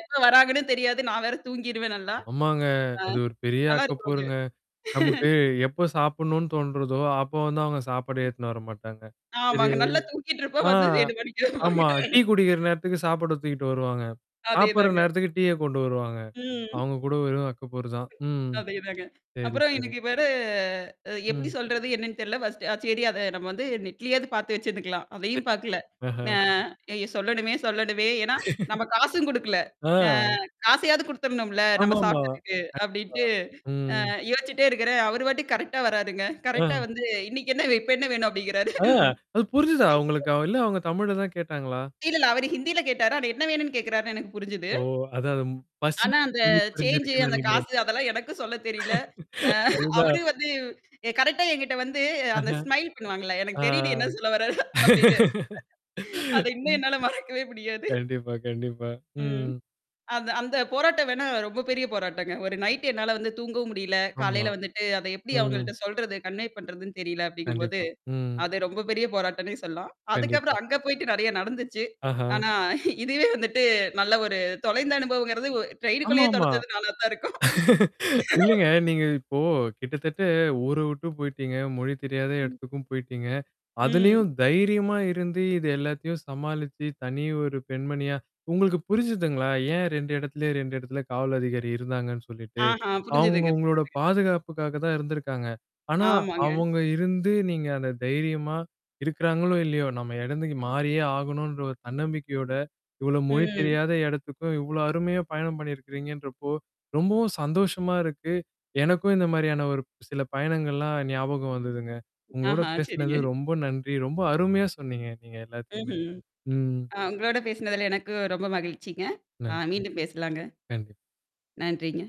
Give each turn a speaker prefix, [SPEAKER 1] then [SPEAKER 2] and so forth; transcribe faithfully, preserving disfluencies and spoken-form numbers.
[SPEAKER 1] எப்ப வராங்கன்னு தெரியாது. நான் வேற தூங்கிருவேன் நல்லா.
[SPEAKER 2] ஆமாங்க.
[SPEAKER 1] ஆ.
[SPEAKER 2] அது ஒரு பெரிய அக்க
[SPEAKER 1] நல்லாருக்கும் அது.
[SPEAKER 2] போருங்க. நமக்கு எப்போ சாப்பிடணும்னு தோன்றதோ, அப்போ வந்து அவுங்க சாப்பாடே எடுத்துன்னு வரமாட்டாங்க. சரி
[SPEAKER 1] ஆமாங்க. நல்லா தூக்கிட்டு இருப்போம்.
[SPEAKER 2] ஆ.
[SPEAKER 1] வந்து என்ன
[SPEAKER 2] ஆமா. டீ
[SPEAKER 1] [unintelligible]
[SPEAKER 2] குடிக்கிற நேரத்துக்கு சாப்பாடு தூக்கிட்டு வருவாங்க.
[SPEAKER 1] அதே
[SPEAKER 2] சாப்புட்ற
[SPEAKER 1] தாங்க.
[SPEAKER 2] நேரத்துக்கு டீய கொண்டு வருவாங்க.
[SPEAKER 1] ம்.
[SPEAKER 2] அவுங்க கூட வெறும் அக்கபோறு தான். ம்.
[SPEAKER 1] அதேதாங்க.
[SPEAKER 2] சரி
[SPEAKER 1] அப்புறம்
[SPEAKER 2] சரி.
[SPEAKER 1] எனக்கு வேற அ எப்பிடி
[SPEAKER 2] ம்.
[SPEAKER 1] சொல்றது என்னன்னு தெரியல ஃபர்ஸ்ட் அ சரி அத நம்ம வந்து நெட்லயாவது பார்த்து வச்சிருந்துருங்கலாம். அதையும் பாக்கல.
[SPEAKER 2] ஆஹ!
[SPEAKER 1] ந ஐயோ! சொல்லணுமே! சொல்லணுமே! ஏன்னா நம்ம காசும் குடுக்கல. அ
[SPEAKER 2] ஆ.
[SPEAKER 1] காசையாவது குடுத்தர்ணும்ல நம்ம
[SPEAKER 2] ஆமாமா.
[SPEAKER 1] சாப்டதுக்கு.
[SPEAKER 2] கண்டிப்பா.
[SPEAKER 1] அப்பிடின்ட்டு அ
[SPEAKER 2] ம்.
[SPEAKER 1] யோசிச்சுட்டே இருக்கிறேன். அவரு பாட்டுக்கு கரெக்ட்டா வராருங்க. கரெக்ட்டா
[SPEAKER 2] ஆ.
[SPEAKER 1] வந்து இன்னக்கி என்ன, இப்ப என்ன வேணும்? அப்பிடிங்கிறாரு
[SPEAKER 2] ஆ, அது புரிஞ்சுதா? உங்களுக்கு இல்ல அவுங்க தமிழ்ல தான் கேட்டாங்களா?
[SPEAKER 1] இல்லல்ல. அவரு ஹிந்தில கேட்டாரு. ஆனா என்ன வேணுன்னு கேட்கிறார்ன்னு எனக்கு புரிஞ்சுது.
[SPEAKER 2] ஓ! அதான் அது பசி
[SPEAKER 1] ஆனா, அந்த
[SPEAKER 2] மொழி
[SPEAKER 1] சேஞ்சு
[SPEAKER 2] புரிஞ்சிருக்குன்னு
[SPEAKER 1] அந்த
[SPEAKER 2] நெனைக்கிறேன்.
[SPEAKER 1] காசு அதெல்லாம் எனக்கும் சொல்ல தெரியல. அ
[SPEAKER 2] அதுதான்.
[SPEAKER 1] அவரும் வந்து எ கரெக்ட்டா எங்கிட்ட வந்து
[SPEAKER 2] அஹ.
[SPEAKER 1] அந்த ஸ்மைல் பண்ணுவாங்கல்ல.
[SPEAKER 2] ஆ.
[SPEAKER 1] எனக்கு தெரியுது என்ன சொல்ல வர்றாரு அப்பிடின்னு அத இன்னும் என்னால மறக்கவே முடியாது.
[SPEAKER 2] கண்டிப்பா, கண்டிப்பா.
[SPEAKER 1] ம்.
[SPEAKER 2] ம்.
[SPEAKER 1] அந்த அந்த போராட்டம் வேணா ரொம்ப பெரிய போராட்டங்க. ஒரு நைட் என்னால வந்து தூங்கவும் முடியல.
[SPEAKER 2] ஆமா.
[SPEAKER 1] காலையில வந்துட்டு அத எப்பிடி
[SPEAKER 2] ம்.
[SPEAKER 1] அவுங்கள்ட்ட சொல்றது, கன்வே பண்றதுன்னு தெரியல அப்டிங்கம்போது.
[SPEAKER 2] கண்டிப்பா. ம்.
[SPEAKER 1] அது ரொம்ப பெரிய போராட்டம்னே சொல்லலாம்.
[SPEAKER 2] கண்டிப்பா.
[SPEAKER 1] அதுக்கப்புறம் அங்க போயிட்டு நெறையா நடந்துச்சு.
[SPEAKER 2] ஆஹ!
[SPEAKER 1] ஆனா இதுவே வந்துட்டு நல்ல ஒரு தொலைந்த அனுபவங்கிறது ட்ரெயின்க்குள்ளயே
[SPEAKER 2] ஆமாமா.
[SPEAKER 1] தொலச்சது நானா தான் இருக்கும்.
[SPEAKER 2] இல்லங்க நீங்க இப்போ கிட்டத்தட்ட ஊர விட்டும் போயிடீங்க, மொழி தெரியாத
[SPEAKER 1] ம்.
[SPEAKER 2] எடத்துக்கும் போயிட்டீங்க.
[SPEAKER 1] ம்.
[SPEAKER 2] அதுலயும் தைரியமா இருந்து இது எல்லாத்தையும் சமாளிச்சு தனி ஒரு பெண்மணியா உங்களுக்கு புரிஞ்சுதுங்களா? ஏன் ரெண்டு இடத்துலயே ரெண்டு இடத்துல காவல் அதிகாரி இருந்தாங்கன்னு சொல்லிட்டு,
[SPEAKER 1] ஆஹா!
[SPEAKER 2] அவுங்க
[SPEAKER 1] புரிஞ்சதுங்க
[SPEAKER 2] உங்களோட
[SPEAKER 1] புரிஞ்சதுங்க.
[SPEAKER 2] பாதுகாப்புக்காக தான் இருந்திருக்காங்க. ஆனா
[SPEAKER 1] ஆமாங்க.
[SPEAKER 2] அவுங்க இருந்து நீங்க அந்த தைரியமா இருக்கிறாங்களோ! இல்லயோ! நம்ம இடந்துக்கு மாறியே ஆகணுன்ற ஒரு தன்னம்பிக்கையோட. இவ்ளோ மொழி
[SPEAKER 1] ம்.
[SPEAKER 2] தெரியாத இடத்துக்கும், இவ்ளோ அருமையா பயணம் பண்ணியிருக்கிறீங்கன்றப்போ, ரொம்பவும் சந்தோஷமா இருக்கு. எனக்கும் இந்த மாரியான ஒரு சில பயணங்கள்லாம் ஞாபகம் வந்ததுங்க. உங்களோட
[SPEAKER 1] ஆஹா! சரிங்க.
[SPEAKER 2] பேசினது ரொம்ப நன்றி. ரொம்ப அருமையா சொன்னீங்க நீங்க எல்லாத்தையுமே.
[SPEAKER 1] ம்ஹ்ம்.
[SPEAKER 2] ம்.
[SPEAKER 1] அ உங்களோட பேசினதுல எனக்கு ரொம்ப மகிழ்ச்சிங்க. அ
[SPEAKER 2] நன்றி!
[SPEAKER 1] மீண்டும் பேசலாங்க.
[SPEAKER 2] நன்றி!
[SPEAKER 1] நன்றிங்க!